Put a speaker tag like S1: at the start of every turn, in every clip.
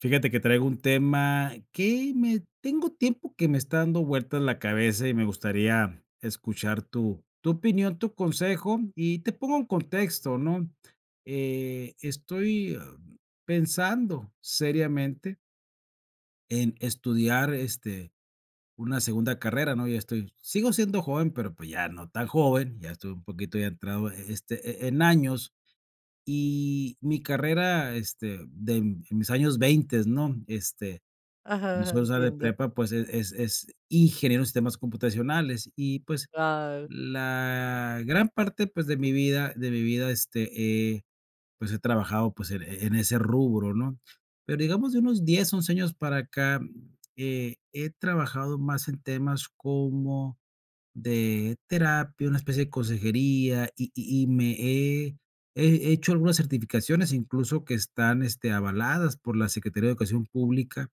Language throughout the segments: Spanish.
S1: Fíjate que traigo un tema que me tengo tiempo que me está dando vueltas la cabeza, y me gustaría escuchar tu tu opinión, tu consejo. Y te pongo en contexto, ¿no? Eh, estoy pensando seriamente en estudiar, este, una segunda carrera, ¿no? Ya estoy sigo siendo joven, pero, pues, ya no tan joven, ya estoy un poquito ya entrado, eh eh, este, eh, en años. Y mi carrera, este, den en mis años veintes, ¿no? Este,
S2: Ajá,
S1: cuando
S2: ajá.
S1: solo sale de
S2: Entiendo.
S1: prepa, pues, eh, es es ingeniero de sistemas computacionales, y, pues,
S2: Guau.
S1: la gran parte, pues, de mi vida de mi vida, este, he, pues, he trabajado, pues, en en ese rubro, ¿no? Pero digamos de unos 10, 11 años para acá, mm, he he trabajado más en temas como de terapia, una especie de consejería, y y y me he he hecho algunas certificaciones, incluso, que están, este, avaladas por la Secretaría de Educación Pública,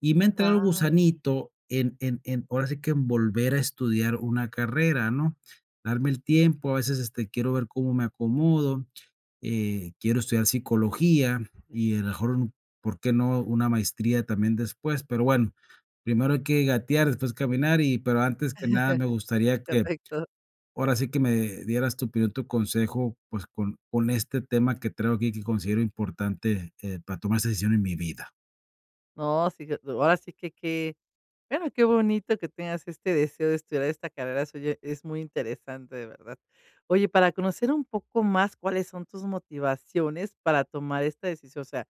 S1: y me ha entrado el
S2: Guau.
S1: gusanito en en en ahora sí que en volver a estudiar una carrera, ¿no? Darme el tiempo, a veces, este, quiero ver cómo me acomodo, eh, quiero estudiar psicología, y a la mejor un, ¿por qué no?, una maestría también después, pero bueno, primero hay que gatear, después caminar, y, pero antes que nada me gustaría que
S2: Pefecto.
S1: ahora sí que me dieras tu opinión, tu consejo, pues, con con este tema que traigo aquí que considero importante, eh, para tomar esa decisión en mi vida.
S2: No, sí, que ahora sí qué qué, bueno, qué bonito que tengas este deseo de estudiar esta carrera suya, es muy interesante, de verdad. Oye, para conocer un poco más cuáles son tus motivaciones para tomar esta decisión, o sea,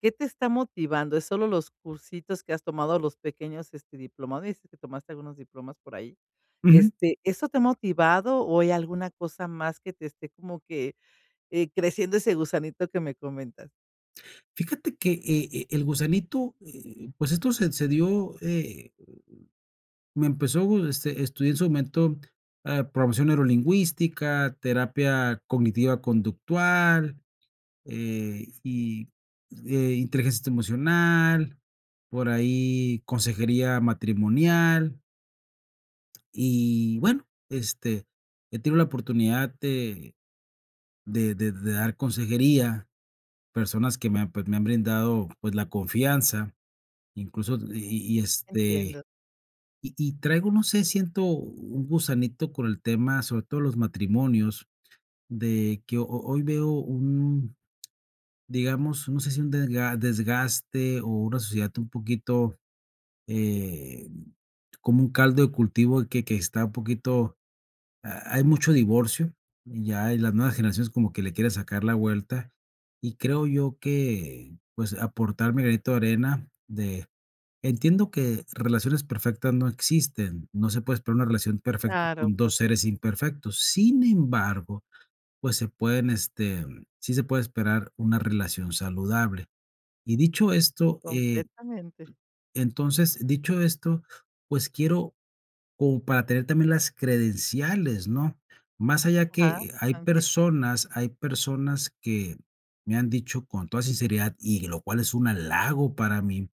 S2: ¿qué te está motivando? Es solo los cursitos que has tomado, los pequeños, este, diplomades, y que tomaste algunos diplomas por ahí.
S1: Ujú.
S2: Este, ¿eso te ha motivado o hay alguna cosa más que te esté como que, eh, creciendo ese gusanito que me comentas?
S1: Fíjate que, eh, e el gusanito, eh, pues esto se se dio, eh, m m me empezó, este, estudié en su momento, ah, programación neurolingüística, terapia cognitiva conductual, eh, y, eh, inteligencia emocional, por ahí consejería matrimonial y bueno, este, eh, tengo la oportunidad de de de de dar consejería, personas que me han, pues, me han brindado, pues, la confianza, incluso y y y este,
S2: Entiendo.
S1: y y traigo, no sé, siento un gusanito con el tema, sobre todo los matrimonios, de que, ho ho hoy veo un, digamos, no sé, si un dega desgaste o una sociedad un poquito, eh, como un caldo de cultivo que que está un poquito. Ha hay mucho divorcio, ya las nuevas generaciones como que le quieren sacar la vuelta, y creo yo que, pues, aportar mi granito de arena de Entiendo que relaciones perfectas no existen, no se puede esperar una relación perfecta
S2: Claro,
S1: con
S2: por
S1: 2 seres
S2: supuesto.
S1: imperfectos, sin embargo, pues, se pueden, este, sí se puede esperar una relación saludable. Y dicho esto, eh,
S2: Completamente.
S1: entonces, dicho esto, pues quiero, como para tener también las credenciales, ¿no? Más allá
S2: Ajá.
S1: que hay
S2: [unintelligible]
S1: personas hay personas, que me han dicho con toda sinceridad y lo cual es un halago para mí,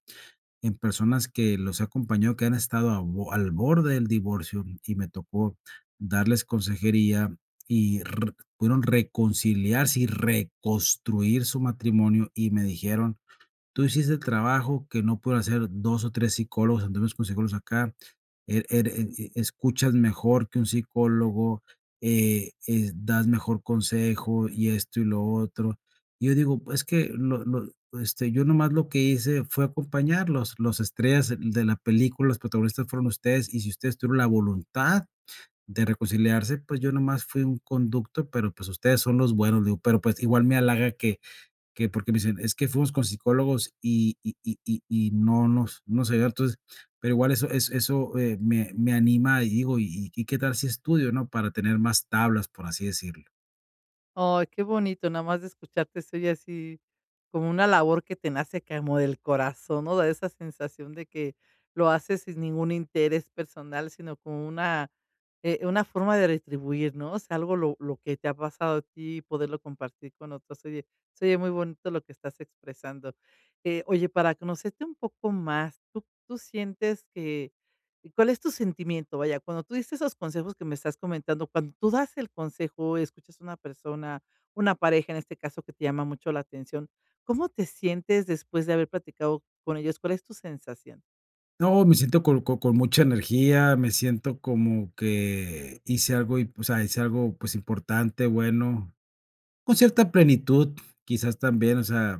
S1: en personas que los he acompañado, que han estado al bo al borde del divorcio y me tocó darles consejería y re pudieron reconciliarse y reconstruir su matrimonio, y me dijeron: "Tú hiciste el trabajo que no pudo hacer 2 o 3 psicólogos, algunos consejeros de acá, eh, ere eh eh, escuchas mejor que un psicólogo, eh eh, das mejor consejo y esto, y lo otro". Yo digo: "Es que lo lo, este, yo nomás lo que hice fue acompañarlos, los estrellas de la película, los protagonistas fueron ustedes, y si ustedes tuvieron la voluntad de reconciliarse, pues, yo nomás fui un conducto, pero, pues, ustedes son los buenos", le digo, "pero, pues, igual me halaga que que porque me dicen: 'Es que fuimos con psicólogos y y y y y no nos no se vio'". Entonces, pero igual eso eso eso, eh, me me anima y digo: "Y y y qué tal si estudio", ¿no?, "para tener más tablas", por así decirlo.
S2: Ay, qué bonito, nada más de escucharte estoy así, como una labor que te nace como del corazón, ¿no? Da esa sensación de que lo haces sin ningún interés personal, sino como una, eh, una forma de retribuir, ¿no? O sea, algo lo lo que te ha pasado a ti poderlo compartir con otros. Oye, se oyé muy bonito lo que estás expresando. Eh, oye, para conocerte un poco más, ¿tú tú sientes que, cuál es tu sentimiento? Vaya, cuando tú dices esos consejos que me estás comentando, cuando tú das el consejo y escuchas a una persona una pareja en este caso que te llama mucho la atención, ¿cómo te sientes después de haber platicado con ellos? ¿Cuál es tu sensación?
S1: No, me siento con con con mucha energía, me siento como que hice algo, y, pues, o sea, hice algo, pues, importante, bueno, con cierta plenitud, quizás, también, o sea,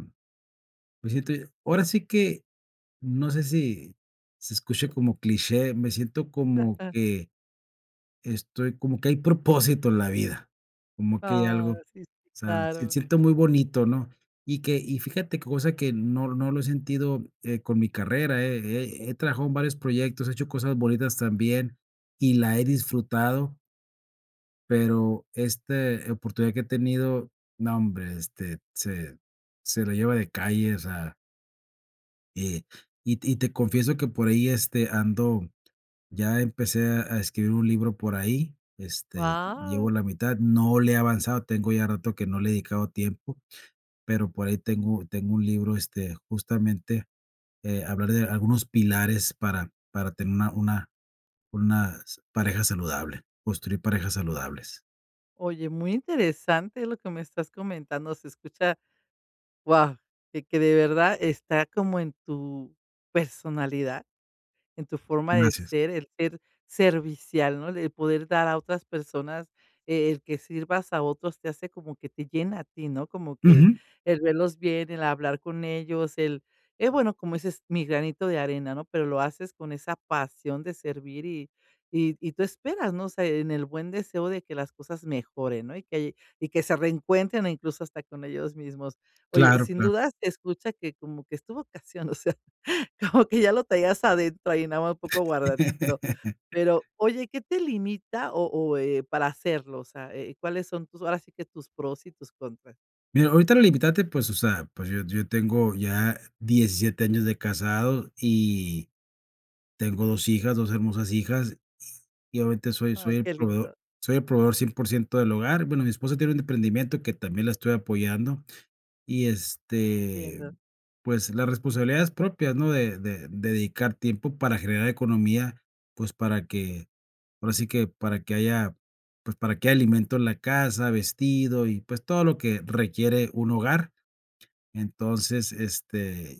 S1: me siento ahora sí que, no sé si se escuche como cliché, me siento como
S2: Ajá.
S1: que estoy como que hay propósito en la vida. Como que hay algo,
S2: Ah,
S1: o
S2: sí, sí,
S1: sea, se
S2: claro.
S1: siente muy bonito, ¿no? Y que y fíjate qué cosa que no no lo he sentido, eh, con mi carrera, he he he trabajado en varios proyectos, he hecho cosas bonitas también, y la he disfrutado. Pero este oportunidad que he tenido, nombre, este, se se lo lleva de calle, o sea Y y y te confieso que por ahí, este, ando ya empecé a a escribir un libro por ahí, este, llevo
S2: Guau.
S1: la mitad, no le he avanzado, tengo ya rato que no le he dedicado tiempo, pero por ahí tengo tengo un libro, este, justamente, eh, hablar de algunos pilares para para tener una una unas pareja saludable, construir parejas saludables.
S2: Oye, muy interesante lo que me estás comentando, se escucha, guau, que que de verdad está como en tu personalidad, en tu forma de
S1: Gracias.
S2: ser el ser servicial, ¿no? El poder dar a otras personas, eh, el que sirvas a otros te hace como que te llena a ti, ¿no? Como que
S1: Ujú.
S2: el verlos bien, el hablar con ellos, el el bueno, como ese es mi granito de arena, ¿no? Pero lo haces con esa pasión de servir y y y tú esperas, ¿no? O sea, en el buen deseo de que las cosas mejoren, ¿no? Y que y que se reencuentren, incluso hasta con ellos mismos. Oye,
S1: Claro,
S2: sin
S1: claro.
S2: dudas, te escuchas que como que es tu vocación, o sea, como que ya lo traías adentro ahí, nada más un poco guardadito, pero, oye, qué te limita, o o, eh, para hacerlo, o sea, eh, ¿cuáles son tus ahora sí que tus pros y tus contras?
S1: Mira, ahorita la limitante, pues, o sea, pues, yo yo tengo ya 17 años de casado y tengo 2 hijas, 2 hermosas hijas, y obviamente soy soy
S2: Ay,
S1: el
S2: qué
S1: proveedor
S2: lindo.
S1: soy el proveedor 100% del hogar, bueno mi esposa tiene un emprendimiento que también la estoy apoyando. Y, este,
S2: Entiendo.
S1: pues, las responsabilidades propias, ¿no? De de dedicar tiempo para generar economía, pues, para que, ahora sí que para que haya, pues, para que haya alimento en la casa, vestido y, pues, todo lo que requiere un hogar. Entonces, este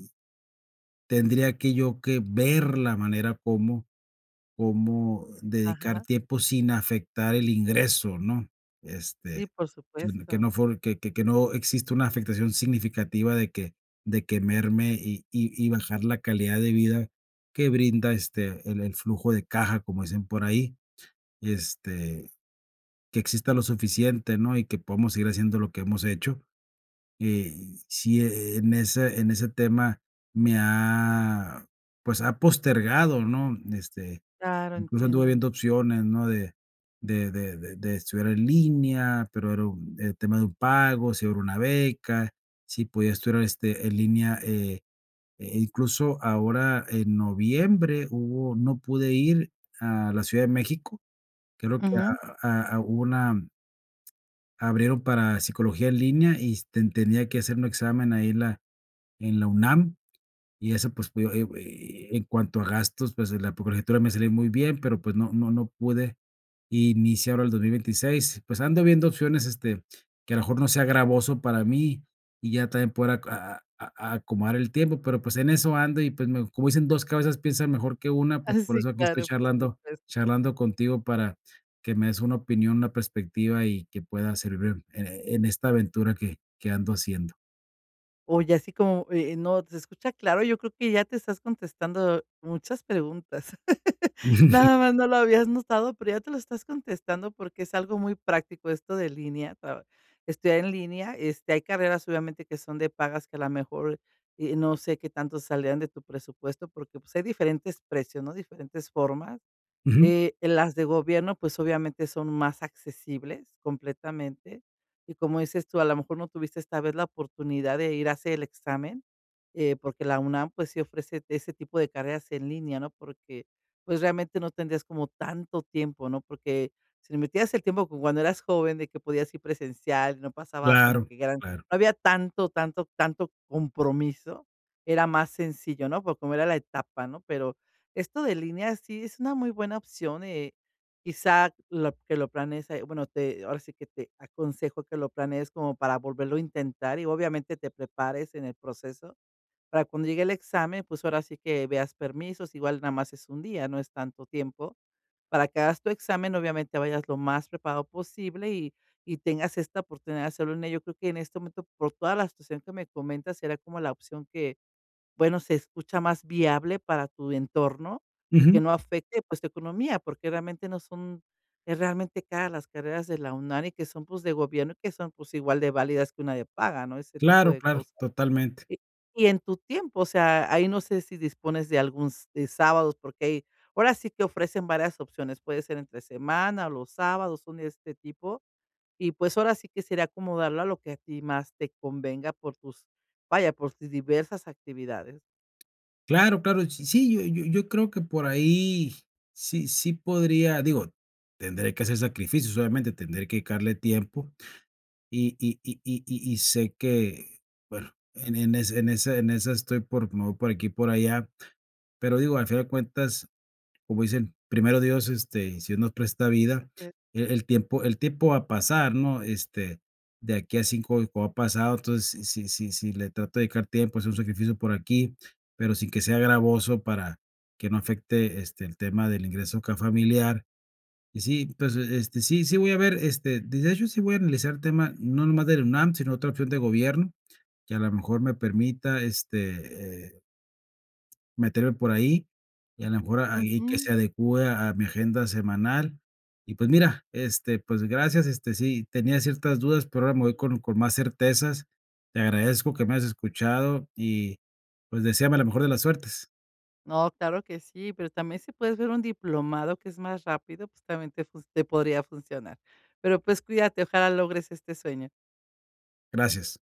S1: tendría que yo que ver la manera cómo cómo dedicar
S2: Ajá.
S1: tiempo sin afectar el ingreso, ¿no? Este,
S2: Sí, por
S1: que
S2: supuesto.
S1: no fue que que no exista una afectación significativa de que de que merme, y y y bajar la calidad de vida que brinda, este, el "el flujo de caja", como dicen por ahí, este, que exista lo suficiente, ¿no? Y que podamos seguir haciendo lo que hemos hecho, eh, sí, en ese en ese tema me ha, pues, ha postergado, ¿no? Este,
S2: Claro,
S1: incluso anduve
S2: entiendo.
S1: viendo opciones, ¿no? De de de de de estudiar en línea, pero era un, eh, tema de un pago, si hubiera una beca, si podía estudiar, este, en línea, eh eh, incluso ahora en noviembre hubo no pude ir a la Ciudad de México, creo que
S2: Ujú.
S1: a a hubo una abrieron para psicología en línea y s te tenía que hacer un examen ahí, en la en la UNAM, y eso, pues, eh eh, en cuanto a gastos, pues, la colegiatura, pues, me salía muy bien, pero, pues, no no no pude iniciar ahora el 2026. Pues, ando viendo opciones, este, que a lo mejor no sea gravoso para mí y ya también poder aco a a acomodar el tiempo, pero, pues, en eso ando y, pues, me como dicen: "2 cabezas piensan mejor que una",
S2: Ah,
S1: pues, por
S2: sí
S1: eso aquí estoy
S2: claro, por
S1: charlando
S2: supuesto.
S1: charlando contigo para que me des una opinión, una perspectiva y que pueda servir, eh, en esta aventura que que ando haciendo.
S2: Oye, así como, eh, eh, no, se escucha claro, yo creo que ya te estás contestando muchas preguntas. Nada más no lo habías notado, pero ya te lo estás contestando porque es algo muy práctico esto de línea. Tra estudiar en línea, este, hay carreras obviamente que son de pagas que a la mejor, eh, no sé qué tanto salgan de tu presupuesto porque, pues, hay diferentes precios, ¿no? Diferentes formas,
S1: Ujú.
S2: eh, las de gobierno, pues, obviamente son más accesibles completamente, y como dices tú, a la mejor no tuviste esta vez la oportunidad de ir a hacer el examen, eh, porque la UNAM, pues, sí ofrece ese tipo de carreras en línea, ¿no? Porque, pues, realmente no tendrías como tanto tiempo, ¿no? Porque si metías el tiempo como cuando eras joven de que podías ir presencial, no pasaba como
S1: Claro,
S2: que gran
S1: claro.
S2: no había tanto, tanto, tanto compromiso, era más sencillo, ¿no?, porque como era la etapa, ¿no? Pero esto de línea sí es una muy buena opción, eh, quizá lo que lo planees, bueno, te ahora sí que te aconsejo que lo planees como para volverlo a intentar y, obviamente, te prepares en el proceso para cuando llegue el examen, pues, ahora sí que veas permisos, igual nada más es un día, no es tanto tiempo para que hagas tu examen, obviamente, vayas lo más preparado posible y y tengas esta oportunidad de hacerlo en ello, yo creo que en este momento, por toda la situación que me comentas, sería como la opción que, bueno, se escucha más viable para tu entorno y que
S1: Ujú.
S2: no afecte, pues, tu economía, porque realmente no son es realmente caras las carreras de la UNAM y que son, pues, de gobierno y que son, pues, igual de válidas que una de paga, ¿no? Ese tipo
S1: Claro,
S2: de
S1: claro,
S2: cosas,
S1: totalmente.
S2: y y en tu tiempo, o sea, ahí no sé si dispones de algún s de sábados, porque ahí, ahora sí que ofrecen varias opciones, puede ser entre semana o los sábados, son de este tipo, y, pues, ahora sí que sería acomodarlo a lo que a ti más te convenga por tus vaya, por ti diversas actividades.
S1: Claro, claro, sí sí, yo yo yo creo que por ahí, sí sí podría digo, tendré que hacer sacrificios, obviamente, tendré que dedicarle tiempo, y y y y y sé que bueno, en en ese en esa en esa estoy por me voy por aquí por allá, pero digo, al final de cuentas, como dicen: "Primero Dios, este, si Dios nos presta vida",
S2: [unintelligible]
S1: e el tiempo, el tiempo va a pasar, ¿no? Este, de aquí a 5 [unintelligible] ha pasado, entonces, si si si le trato de dedicar tiempo, es un sacrificio por aquí, pero sin que sea gravoso, para que no afecte este, el tema del ingreso acá familiar. Y sí, entonces, este sí sí voy a ver este de de hecho sí voy a analizar el tema, no nomás de la UNAM, sino otra opción de gobierno, que a la mejor me permita este, eh meterme por ahí, y a la mejor, ahí que
S2: Ujú.
S1: se adecúe a a mi agenda semanal. Y pues, mira, este pues, gracias, este, sí tenía ciertas dudas, pero ahora me voy con con más certezas. Te agradezco que me hayas escuchado. Y, pues, deséame la mejor de las suertes.
S2: No, claro que sí, pero también si puedes ver un diplomado, que es más rápido, justamente, pues, te podría funcionar. Pero, pues, cuídate, ojalá logres este sueño.
S1: Gracias.